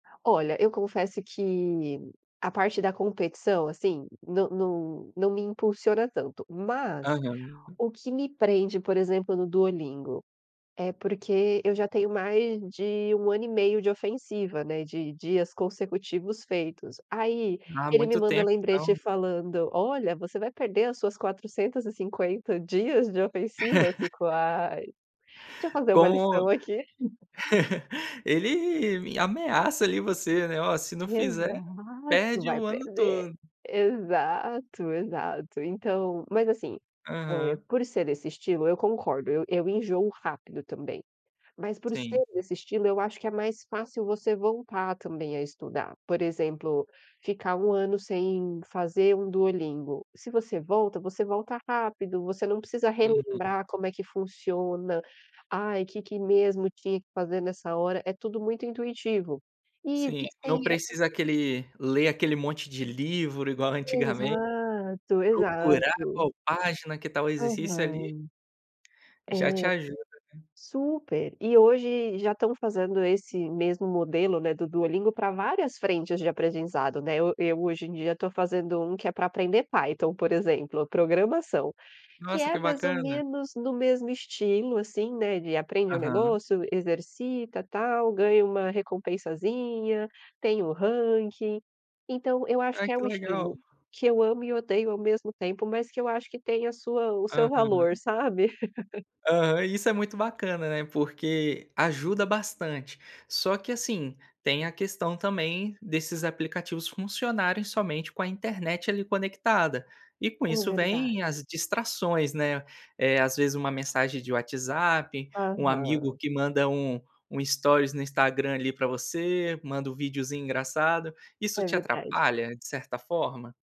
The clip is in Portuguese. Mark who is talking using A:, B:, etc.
A: Olha, eu confesso que a parte da competição, assim, não não não me impulsiona tanto, mas
B: Aham.
A: o que me prende por exemplo no duolingo? É porque eu já tenho mais de 1 ano e meio de ofensiva, né, de de dias consecutivos feitos. Aí,
B: Ah,
A: ele me
B: muito
A: manda
B: tempo
A: lembrete
B: então.
A: falando: "Olha, você vai perder as suas 450 dias de ofensiva? Fico: "Ai, deixa eu fazer uma
B: Como
A: lição aqui".
B: ele ameaça ali você, né, olha, se não fizer,
A: Exato,
B: perde
A: vai
B: o ano
A: perder.
B: todo.
A: Exato, exato, então, mas assim, eh,
B: Aham.
A: por ser desse estilo eu concordo, eu eu enjoo rápido também, Mas por
B: Sim.
A: ser desse estilo eu acho que é mais fácil você voltar também a estudar. Por exemplo, ficar um ano sem fazer um duolingo. Se você volta, você volta rápido, você não precisa
B: Uhum.
A: relembrar como é que funciona. Ai que que mesmo tinha que fazer nessa hora é tudo muito intuitivo e
B: Sim,
A: existem
B: não
A: es
B: precisa aquele ler aquele monte de livro igual antigamente,
A: Exato,
B: procurar
A: exato.
B: qual página que tá o exercício ali,
A: Aham. É.
B: já te ajuda, né.
A: Super. E hoje já estão fazendo esse mesmo modelo, né, do duolingo para várias frentes de aprendizado, né, eu eu hoje em dia estou fazendo um que é para aprender Python, por exemplo, programação que
B: Nossa,
A: é
B: que
A: mais ou
B: bacana.
A: menos no mesmo estilo assim, né, de aprende um
B: Aham.
A: negócio, exercita tal, ganha uma recompensazinha, tem o ranking. Então eu acho
B: Ai
A: que é
B: que
A: um
B: legal.
A: estilo que eu amo e odeio ao mesmo tempo, mas que eu acho que tem a sua o seu valor,
B: Aham.
A: sabe?
B: Aham, isso é muito bacana, né, porque ajuda bastante. Só que assim, tem a questão também desses aplicativos funcionarem somente com a internet ali conectada. E com
A: É
B: isso vem
A: verdade.
B: as distrações, né. Eh. Às vezes uma mensagem de WhatsApp, um amigo
A: Aham.
B: que manda um um stories no Instagram ali para você, manda um videozinho engraçado, isso
A: É
B: te
A: verdade.
B: atrapalha de certa forma?